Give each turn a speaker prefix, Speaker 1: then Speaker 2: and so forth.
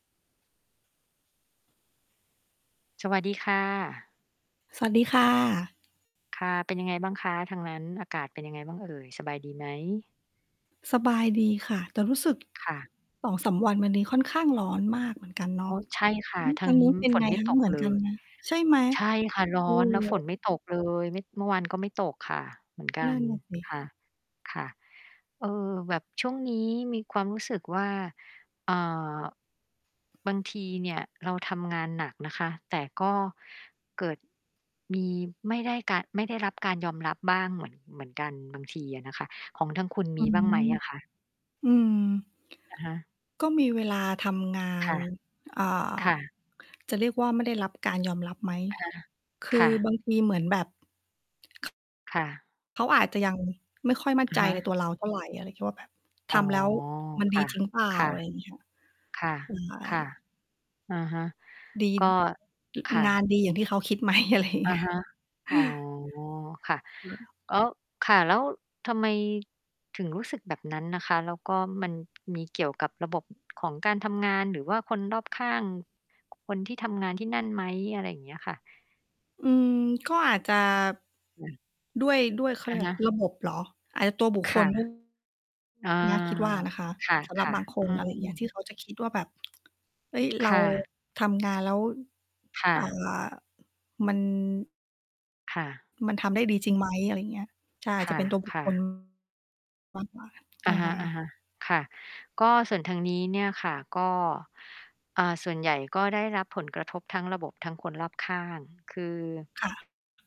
Speaker 1: สวัสดีค่ะ
Speaker 2: สวัสดีค่ะ
Speaker 1: ค่ะ เป็นยังไงบ้างคะ? ทางนั้นอากาศเป็นยังไงบ้างเอ่ย? สบายดีไหม?
Speaker 2: สบายดีค่ะ แต่รู้สึก
Speaker 1: ค่ะ
Speaker 2: 2-3 วันมานี้ ค่อนข้างร้อนมากเหมือนกัน เน
Speaker 1: อ๋
Speaker 2: าะ
Speaker 1: อ ใช่ค่
Speaker 2: อื
Speaker 1: ะ
Speaker 2: ม
Speaker 1: ท
Speaker 2: ท
Speaker 1: า
Speaker 2: า
Speaker 1: ง
Speaker 2: ง
Speaker 1: น
Speaker 2: น
Speaker 1: ี
Speaker 2: ู
Speaker 1: ้
Speaker 2: ้นเป็น
Speaker 1: ฝ
Speaker 2: ไ
Speaker 1: น
Speaker 2: ง
Speaker 1: ไม่
Speaker 2: คะ?
Speaker 1: ตก
Speaker 2: เหมือน
Speaker 1: เล
Speaker 2: กัน
Speaker 1: ย
Speaker 2: ไหม? ใช่ไหม
Speaker 1: ใช่ค่ะ ร้
Speaker 2: เออ
Speaker 1: อน แล้วฝนไม่ตกเลย ม เมื่อวานก็ไม่ตกค่ะ เหมือนก
Speaker 2: น
Speaker 1: ั
Speaker 2: ั่
Speaker 1: น
Speaker 2: นน่ะ สิ
Speaker 1: ค่ะ ค่ะ เอ่อ แบบช่วงนี้มีความรู้สึกว่า อ่า บางทีเนี่ยเราทำงานหนักนะคะ แต่ก็เกิดมี ไม่ได้การ ไม่ได้รับการยอมรับบ้างเหมือน เหมือนกัน บางทีอะนะคะ ของทางคุณ
Speaker 2: อ
Speaker 1: ม
Speaker 2: ื
Speaker 1: ีบ้างไหม
Speaker 2: อ
Speaker 1: อะคะ?
Speaker 2: อืม
Speaker 1: อะฮะ
Speaker 2: ก็มีเวลาทำงา
Speaker 1: ค
Speaker 2: น
Speaker 1: ่ะ
Speaker 2: อ่า
Speaker 1: ค่ะ
Speaker 2: จะเรียกว่าไม่ได้รับการยอมรับไหม?
Speaker 1: อะฮะ
Speaker 2: คื
Speaker 1: ค
Speaker 2: อ
Speaker 1: ่ะ
Speaker 2: บางทีเหมือนแบบ
Speaker 1: ค่ะ
Speaker 2: เขาอาจจะ ยัง ไม่ค่อยมั่น
Speaker 1: อะ
Speaker 2: ใจ
Speaker 1: ฮ
Speaker 2: ใน
Speaker 1: ะ
Speaker 2: ตัวเรา เท่าไร ก็เลยคิดว่าแบบ
Speaker 1: อ
Speaker 2: ท
Speaker 1: ๋อ
Speaker 2: ำแล้ว มัน
Speaker 1: ค
Speaker 2: ดี
Speaker 1: ่ะ
Speaker 2: จริงเปล่
Speaker 1: ค
Speaker 2: า?
Speaker 1: ่ะ
Speaker 2: อะไรเงี้ยค่ะ
Speaker 1: ค่ะ
Speaker 2: ใช
Speaker 1: ค่ะ
Speaker 2: ่
Speaker 1: อะฮะ
Speaker 2: ดี
Speaker 1: ก็ ค่
Speaker 2: ง งาน
Speaker 1: ะ
Speaker 2: ดี อย่างที่เขาคิด ไหม? อะไรอย่าง
Speaker 1: อ
Speaker 2: เง
Speaker 1: ะ
Speaker 2: ี้
Speaker 1: ฮ
Speaker 2: ย
Speaker 1: ะ
Speaker 2: เฮ
Speaker 1: อ๋อ
Speaker 2: ้อ
Speaker 1: ค่ะ
Speaker 2: [unintelligible]
Speaker 1: ล ค่ะ แล้วทำไมถึงรู้สึกแบบนั้นนะคะ? แล้วก็มัน มีเกี่ยวกับระบบของการทำงาน? หรือว่าคนรอบข้าง คนที่ทำงานที่นั่นไหม? อะไรอย่างเงี้ยค่ะ
Speaker 2: อืม ก็อาจจะ
Speaker 1: อืม
Speaker 2: ด้วย ด้วย เขาเ
Speaker 1: อ
Speaker 2: รีย
Speaker 1: ะ
Speaker 2: กว
Speaker 1: ฮ
Speaker 2: ่าไร
Speaker 1: ะ
Speaker 2: ระบบ เหรอ? อาจจะตัวบุค
Speaker 1: ค
Speaker 2: ค
Speaker 1: ่
Speaker 2: ล
Speaker 1: ะ
Speaker 2: ด้วย
Speaker 1: อา
Speaker 2: เนี้ยคิดว่านะคะ
Speaker 1: ค
Speaker 2: สำหรับ
Speaker 1: ่ะ
Speaker 2: บาง ค
Speaker 1: ๆ อ
Speaker 2: น
Speaker 1: ื
Speaker 2: อะไรอย่างเงี้ย
Speaker 1: อ
Speaker 2: ที่เขาจะ คิดว่าแบบ เฮ้ย เ
Speaker 1: ค
Speaker 2: รา
Speaker 1: ่ะ
Speaker 2: ทำงานแล้ว
Speaker 1: ค่
Speaker 2: อ่า
Speaker 1: ะ
Speaker 2: มัน
Speaker 1: ค่ะ
Speaker 2: มันทำได้ดีจริงไหม? อะไรอย่างเงี้ย ใช่
Speaker 1: ค
Speaker 2: จะเป็นตัวบุค
Speaker 1: ่
Speaker 2: ค
Speaker 1: ะ
Speaker 2: ล
Speaker 1: ๆ
Speaker 2: มากกว่า ใช
Speaker 1: อ
Speaker 2: ่
Speaker 1: ะฮ
Speaker 2: ค่ะ
Speaker 1: ะ ๆ ค่ะ ก็ส่วนทางนี้เนี่ยค่ะ ก็ อ่า ส่วนใหญ่ก็ได้รับผลกระทบทั้งระบบ ทั้งคนรอบข้าง คือ
Speaker 2: ค่ะ